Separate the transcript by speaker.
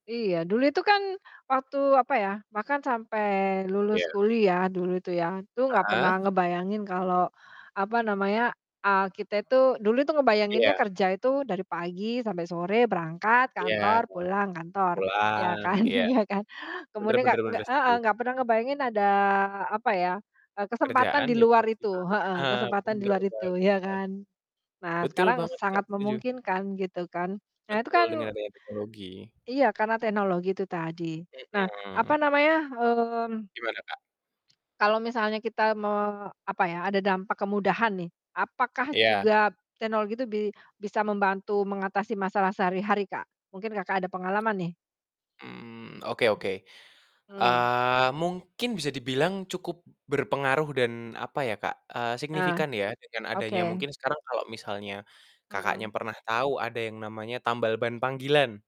Speaker 1: Iya, dulu itu kan, waktu apa ya, bahkan sampai lulus
Speaker 2: Iya.
Speaker 1: kuliah, dulu itu ya. Itu enggak pernah
Speaker 2: Heeh.
Speaker 1: ngebayangin kalau apa namanya, eee, kita itu dulu itu ngebayanginnya
Speaker 2: Iya.
Speaker 1: kerja itu dari pagi sampai sore, berangkat
Speaker 2: Iya,
Speaker 1: kantor, pulang kantor, iya
Speaker 2: pulang,
Speaker 1: kan
Speaker 2: iya.
Speaker 1: iya kan?
Speaker 2: Bener
Speaker 1: Kemudian enggak
Speaker 2: bener bener,
Speaker 1: enggak
Speaker 2: setuju.
Speaker 1: heeh, enggak pernah ngebayangin ada apa ya, eee, kesempatan
Speaker 2: Pekerjaan
Speaker 1: di
Speaker 2: yang
Speaker 1: luar
Speaker 2: fleksibel
Speaker 1: itu, heeh,
Speaker 2: heeh,
Speaker 1: kesempatan di
Speaker 2: bener
Speaker 1: luar itu,
Speaker 2: banget.
Speaker 1: iya kan. Nah,
Speaker 2: Betul
Speaker 1: sekarang
Speaker 2: banget, Kak.
Speaker 1: sangat
Speaker 2: Setuju.
Speaker 1: memungkinkan gitu kan. Nah, itu
Speaker 2: Betul,
Speaker 1: kan
Speaker 2: dengan adanya teknologi.
Speaker 1: Iya, karena teknologi itu tadi. Nah, apa
Speaker 2: Mhm.
Speaker 1: namanya, mmm
Speaker 2: Gimana, Kak?
Speaker 1: kalau misalnya kita mau apa ya, ada dampak kemudahan nih, apakah
Speaker 2: Iya.
Speaker 1: juga teknologi tuh bi bisa membantu mengatasi masalah sehari-hari, Kak? Mungkin Kakak ada pengalaman nih?
Speaker 2: Mmm, oke oke.
Speaker 1: Mmm.
Speaker 2: Eee, mungkin bisa dibilang cukup berpengaruh dan apa ya, Kak, eee,
Speaker 1: Ah,
Speaker 2: signifikan ya, dengan adanya
Speaker 1: oke.
Speaker 2: mungkin sekarang kalau misalnya Kakaknya
Speaker 1: Mhm.
Speaker 2: pernah tahu, ada yang namanya tambal ban panggilan?